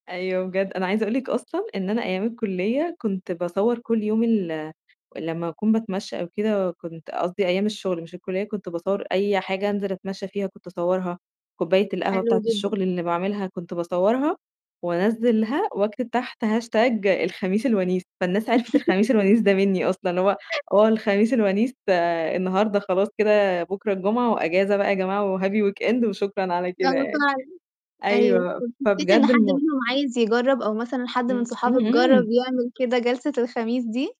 أيوه، بجد أنا عايزة أقول لِك أصلًا إن أنا أيام الكلية كنت باصور كل يوم ال لمّا أكون باتمشى أو كده، كنت قصدي أيام الشغل، مش الكلية، كنت باصور أي حاجة أنزل أتمشى فيها، كنت اصورها. كوباية القهوة حلو بتاعة جدًا. الشغل اللي باعملها، كنت باصورها، وأنزلها وأكتب تحت hashtag الخميس الونيس. فالناس عرفِت الخميس الونيس ده مني أصلًا. اللي هو آه، الخميس الونيس ده النهارده، خلاص كده، بكرة الجمعة وأجازة بقى يا جماعة، وhappy weekend وشكرًا على آه كده بس يعني. أنا [unintelligible] أيوه أيوه، طب حسيت إن فبجد حد المو منهم عايز يجرب أو مثلًا حد من امم، صحابِك جرب امم. يعمل كده جلسة الخميس دي؟